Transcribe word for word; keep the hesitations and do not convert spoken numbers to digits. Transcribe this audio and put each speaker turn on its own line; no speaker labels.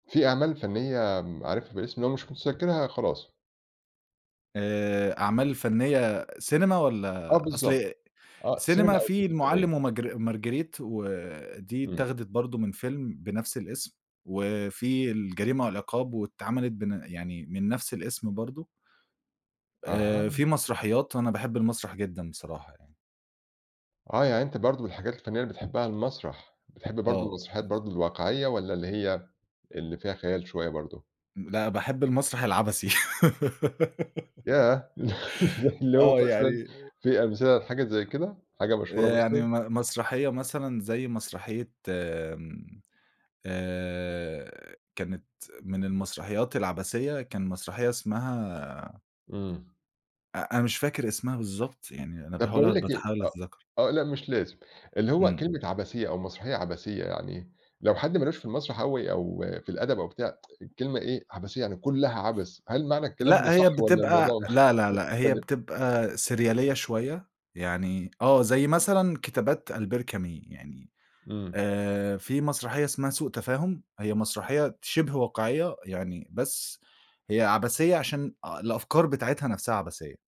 في أعمال فنِّية م عارفها بالاسم؟ لو مش مُتذكِّرها، خلاص.
آآ أعمال فنِّية سينما
آه
والّا أصل
بالضبط. آه، سينما
سينما
أو
في
تلفزيونية.
المُعَلِّم وماجر مارجريت ودي
إمم.
اتّاخدت برضه من فيلم بنَفْس الاسم وفي الجريمة والعقاب واتعملت بن يعني من نَفْس الاسم برضه. آآ
أها.
في مسرحيات وأنا باحِب المسرح جدًا بصراحة يعني.
آه، يعني أنت برضه من الحاجات الفنِّية اللي بتحبّها المسرح، بتحب برضه
آه.
المسرحيات برضه الواقعية والّا اللي هي اللي فيها خيال شوية برضه؟
م لأ، باحِب المسرح العَبَثي.
ياه! زي اللي هو
آه،
مثلًا
يعني
في أمثلة لحاجة زي كده، حاجة مشهورة
آآ يعني
مثلًا؟
م مسرحية مثلًا زي مسرحية م آآ كانت من المسرحيات العَبَثية، كان مسرحية اسمها
إمم.
أ أنا مش فاكر اسمها بالضبط، يعني أنا
طَب باقول
باحاول
لك إيه
بتحاول
آه،
أتذكّر.
آه لأ، مش لازم. اللي هو
إمم.
كلمة عَبَثية أو مسرحية عَبَثية يعني إيه؟ لو حد مالهوش في المسرح أوي أو في الأدب أو بتاع، الكلمة إيه، عَبَثية يعني كُلّها عَبَث، هل معنى الكلام ده
لأ، هي
صح والّا
بتبقى
الموضوع
لأ، لأ،
م
لأ، هي
مختلف؟
بتبقى سِريالية شوية يعني آه، زي مثلًا كتابات ألبير كامي يعني
إمم.
آآ في مسرحية اسمها سوء تفاهم هي مسرحية ت شِبه واقعية يعني بس هي عَبَثية عشان أ الأفكار بتاعتها نَفْسها عَبَثية.